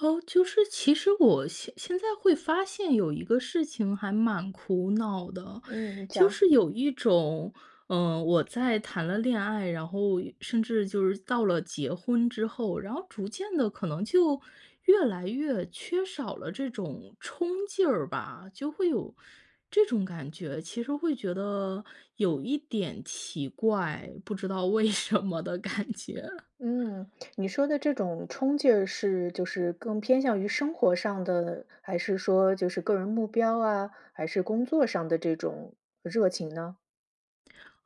哦，就是其实我现现在会发现有一个事情还蛮苦恼的。嗯，你就讲。是有一种，呃，我在谈了恋爱，然后甚至就是到了结婚之后，然后逐渐地可能就越来越缺少了这种冲劲儿吧。就会有这种感觉，其实会觉得有一点奇怪，不知道为什么的感觉。嗯，你说的这种冲劲儿，是就是更偏向于生活上的，还是说就是个人目标啊，还是工作上的这种热情呢？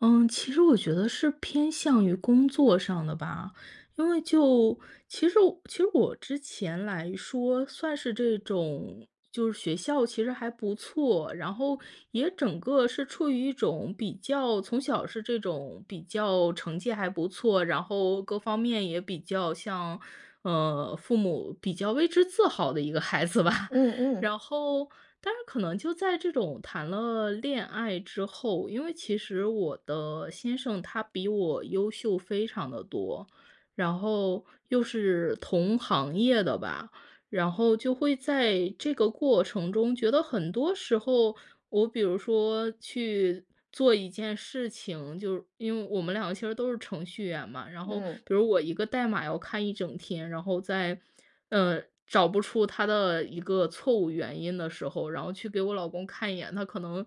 嗯，其实我觉得是偏向于工作上的吧。因为就其实我其实我之前来说算是这种就是学校其实还不错，然后也整个是处于一种比较，从小是这种比较成绩还不错，然后各方面也比较像呃，父母比较为之自豪的一个孩子吧。嗯嗯。然后但是可能就在这种谈了恋爱之后，因为其实我的先生他比我优秀非常得多，然后又是同行业的吧，然后就会在这个过程中，觉得很多时候，我比如说去做一件事情，就是因为我们两个其实都是程序员嘛，然后嗯。比如我一个代码要看一整天，然后在，呃，找不出它的一个错误原因的时候，然后去给我老公看一眼，他可能，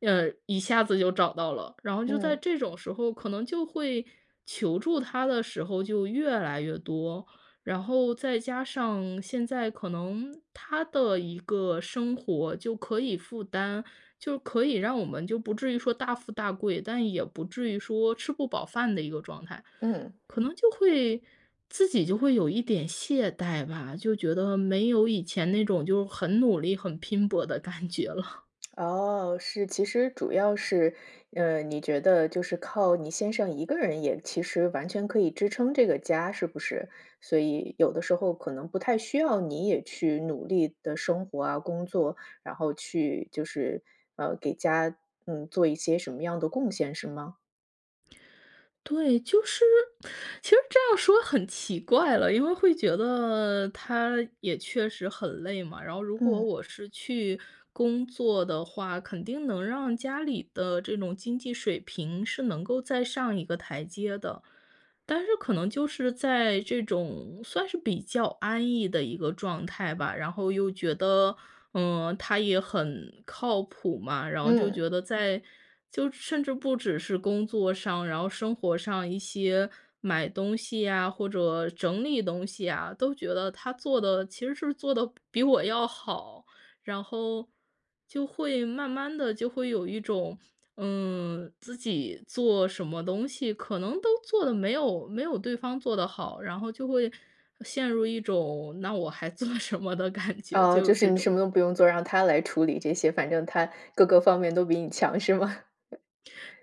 呃，一下子就找到了。然后就在嗯。这种时候，可能就会求助他的时候就越来越多，然后再加上现在可能他的一个生活就可以负担就可以让我们就不至于说大富大贵，但也不至于说吃不饱饭的一个状态。嗯。可能就会自己就会有一点懈怠吧，就觉得没有以前那种就很努力很拼搏的感觉了。哦，是。其实主要是，呃，你觉得就是靠你先生一个人也其实完全可以支撑这个家是不是？所以有的时候可能不太需要你也去努力地生活啊工作，然后去就是，呃，给家，嗯，做一些什么样的贡献是吗？对，就是其实这样说很奇怪了，因为会觉得他也确实很累嘛，然后如果嗯。我是去工作的话，肯定能让家里的这种经济水平是能够再上一个台阶的。但是可能就是在这种算是比较安逸的一个状态吧，然后又觉得，嗯，他也很靠谱嘛，然后就嗯。觉得在就甚至不只是工作上，然后生活上一些买东西呀，或者整理东西啊，都觉得他做得其实是做得比比我要好。然后，就会慢慢地就会有一种，嗯，自己做什么东西可能都做得没有没有对方做得好，然后就会陷入一种那我还做什么的感觉，哦，就有就是这你什种。么都不用做，让他来处理这些，反正他各个方面都比你强是吗？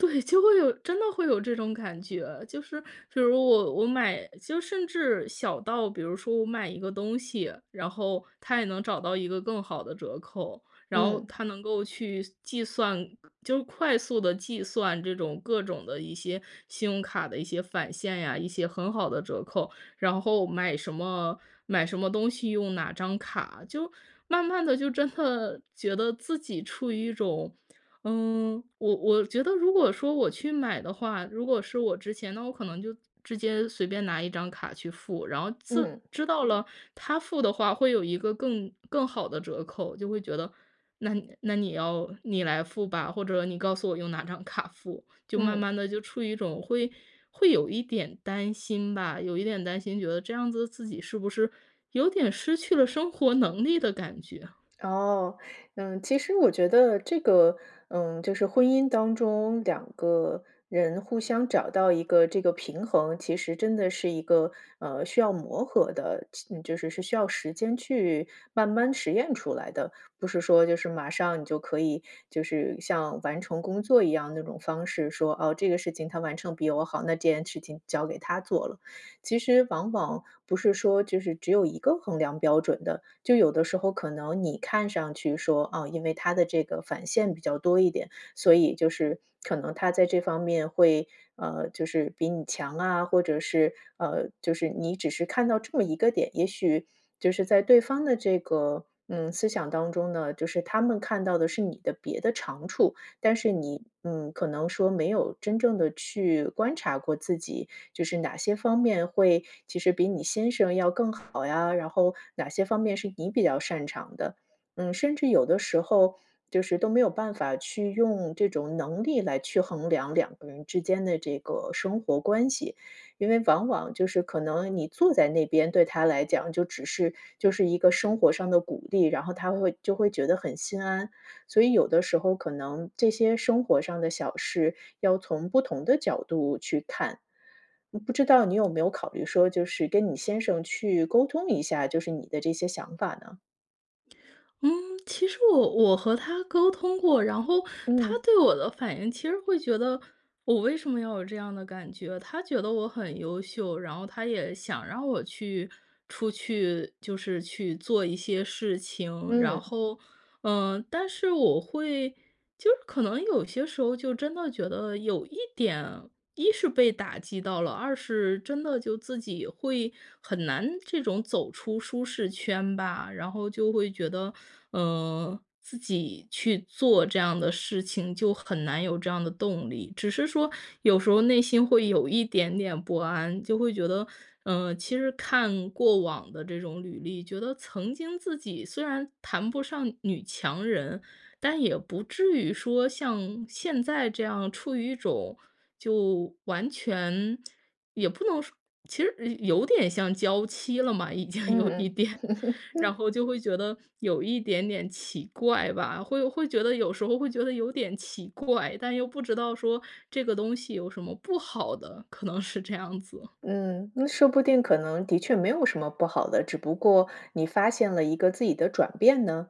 对，就会有真的会有这种感觉。就是，比如我我买就甚至小到比如说我买一个东西，然后他也能找到一个更好的折扣。然后嗯。他能够去计算就快速地计算这种各种的一些信用卡的一些返现呀，一些很好的折扣，然后买什么买什么东西用哪张卡。就慢慢地就真的觉得自己处于一种嗯，我我觉得如果说我去买的话，如果是我之前，那我可能就直接随便拿一张卡去付，然后自嗯。知道了他付的话会有一个更更好的折扣，就会觉得那那你要你来付吧，或者你告诉我用哪张卡付。就慢嗯。慢地就处于一种会会有一点担心吧，有一点担心觉得这样子自己是不是有点失去了生活能力的感觉啊。哦，嗯，其实我觉得这个，嗯，就是婚姻当中两个人互相找到一个这个平衡，其实真的是一个，呃，需要磨合的就就是，是需要时间去慢慢实验出来的。不是说就是马上你就可以就是像完成工作一样那种方式说，哦，这个事情他完成比我好，那事情交给他做了。其实往往不是说就是只有一个衡量标准的。就有的时候可能你看上去说，啊，因为他的这个返现比较多一点，所以就是可能他在这方面会，呃，就是比你强啊，或者是，呃，就是你只是看到这么一个点。也许就是在对方的这个，嗯，思想当中呢，就是他们看到的是你的别的长处，但是你，嗯，可能说没有真正地去观察过自己，就是哪些方面会，其实比你先生要更好呀，然后哪些方面是你比较擅长的。嗯，甚至有的时候，就是都没有办法去用这种能力来去衡量两个人之间的这个生活关系。因为往往就是可能你坐在那边，对他来讲就只是就是一个生活上的鼓励，然后他会就会觉得很心安。所以有的时候可能这些生活上的小事，要从不同的角度去看。嗯，不知道你有没有考虑说，就是跟你先生去沟通一下，就是你的这些想法呢？嗯，其实我我和他沟通过，然后他嗯。对我的反应其实会觉得，我为什么要有这样的感觉？他觉得我很优秀，然后他也想让我去出去就是去做一些事情。然嗯。后，嗯，但是我会就是可能有些时候就真的觉得有一点一是被打击到了，二是真的就自己会很难这种走出舒适圈吧。然后就会觉得，嗯，自己去做这样的事情，就很难有这样的动力。只是说有时候内心会有一点点不安，就会觉得，嗯，其实看过往的这种履历，觉得曾经自己虽然谈不上女强人，但也不至于说像现在这样处于一种，就完全也不能说其实有点像娇妻了嘛，已经有一嗯点。然嗯。后就会觉得有一点点奇怪吧，会会觉得有时候会觉得有点奇怪，但又不知道说这个东西有什么不好的，可能是这样子。嗯，那说不定可能的确没有什么不好的，只不过你发现了一个自己的转变呢。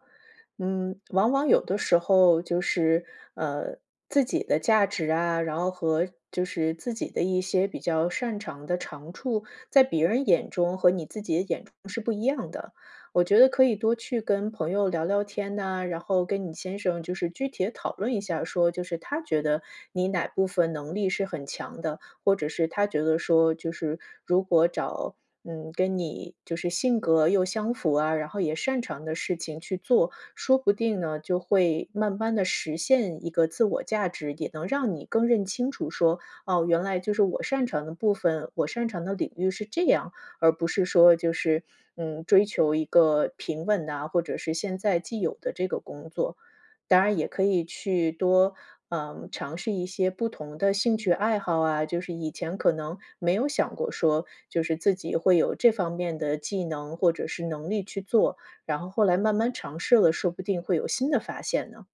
嗯，往往有的时候就是，呃，自己的价值啊，然后和就是自己的一些比较擅长的长处，在别人眼中和你自己的眼中是不一样的。我觉得可以多去跟朋友聊聊天呐，然后跟你先生就是具体地讨论一下说，就是他觉得你哪部分能力是很强的。或者是他觉得说，就是如果找，嗯，跟你就是性格又相符啊，然后也擅长的事情去做，说不定呢，就会慢慢地实现一个自我价值，也能让你更认清楚说，哦，原来就是我擅长的部分，我擅长的领域是这样。而不是说就是，嗯，追求一个平稳呐，或者是现在既有的这个工作。当然也可以去多，呃，尝试一些不同的兴趣爱好啊，就是以前可能没有想过说，就是自己会有这方面的技能或者是能力去做，然后后来慢慢尝试了，说不定会有新的发现呢。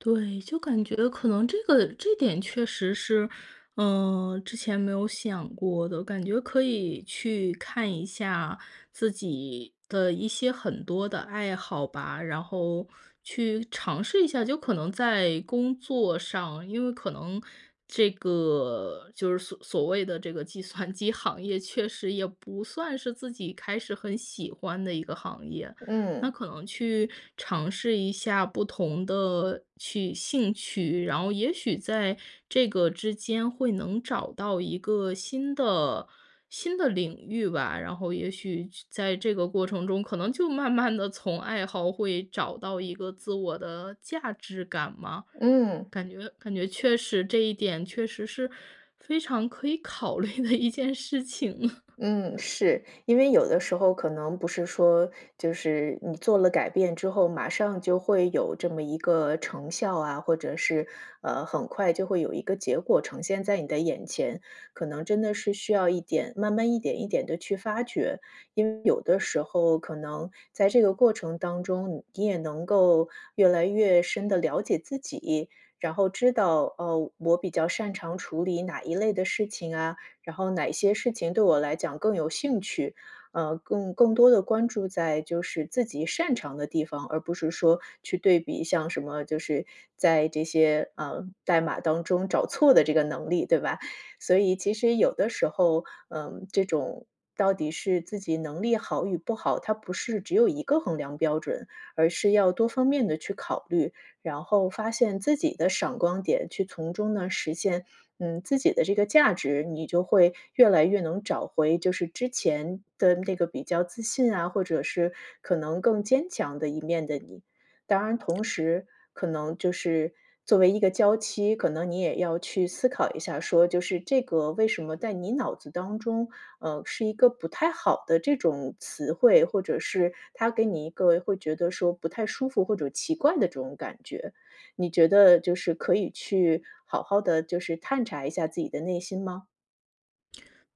对，就感觉可能这个这点确实是，呃，之前没有想过的，感觉可以去看一下自己的一些很多的爱好吧，然后去尝试一下。就可能在工作上，因为可能这个就是所所谓的这个计算机行业确实也不算是自己开始很喜欢的一个行业。那嗯。可能去尝试一下不同的趣兴趣，然后也许在这个之间会能找到一个新的新的领域吧。然后也许去在这个过程中，可能就慢慢地从爱好会找到一个自我的价值感嘛，嗯。感觉感觉确实这一点确实是非常可以考虑的一件事情。嗯，是。因为有的时候可能不是说，就是你做了改变之后，马上就会有这么一个成效啊，或者是，呃，很快就会有一个结果呈现在你的眼前。可能真的是需要一点慢慢一点一点地去发掘。因为有的时候可能在这个过程当中，你也能够越来越深地了解自己。然后知道，哦，我比较擅长处理哪一类的事情啊，然后哪些事情对我来讲更有兴趣。呃，更-更多地关注在就是自己擅长的地方，而不是说去对比像什么，就是在这些，啊，代码当中找错的这个能力，对吧？所以其实有的时候，嗯，这种到底是自己能力好与不好，它不是只有一个衡量标准，而是要多方面地去考虑。然后发现自己的闪光点去从中呢实现，嗯，自己的这个价值，你就会越来越能找回就是之前的那个比较自信啊，或者是可能更坚强的一面的你。当然同时可能就是作为一个娇妻，可能你也要去思考一下说，就是这个为什么在你脑子当中，呃，是一个不太好的这种词汇，或者是他给你一个会觉得说不太舒服或者奇怪的这种感觉，你觉得就是可以去好好地就是探查一下自己的内心吗？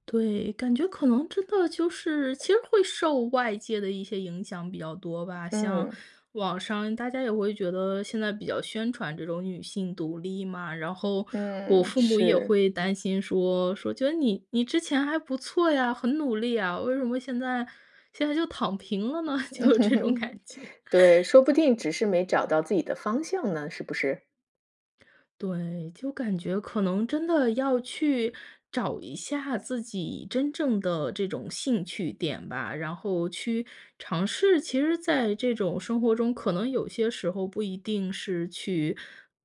对，感觉可能真的就是，其实会受外界的一些影响比较多吧。像嗯。网上大家也会觉得现在比较宣传这种女性独立嘛，然后我嗯，父母也是。会担心说说：“觉得你你之前还不错呀，很努力啊，为什么现在现在就躺平了呢？“就有这种 感觉。对，说不就是定只是没找到自己的方向呢，是不是？对，就感觉可能真的要去找一下自己真正的这种兴趣点吧。然后去尝试，其实在这种生活中可能有些时候不一定是去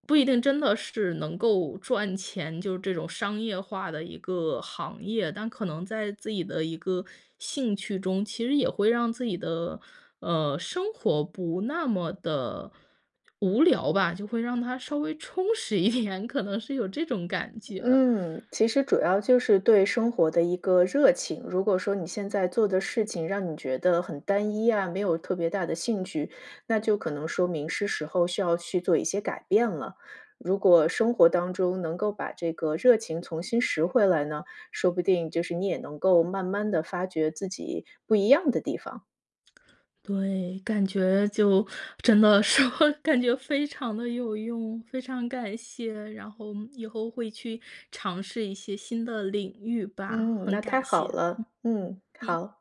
不一定真的是能够赚钱，就这种商业化的一个行业。但可能在自己的一个兴趣中，其实也会让自己的，呃，生活不那么得无聊吧。就会让它稍微充实一点，可能是有这种感觉。嗯，其实主要就是对生活的一个热情。如果说你现在做的事情让你觉得很单一啊，没有特别大的兴趣，那就可能说明是时候需要去做一些改变了。如果生活当中能够把这个热情重新拾回来呢，说不定就是你也能够慢慢地发掘自己不一样的地方。对，感觉就真的说，感觉非常得有用。非常感谢，然后以后会去尝试一些新的领域吧，嗯，很那太感好谢，了，嗯，嗯。好。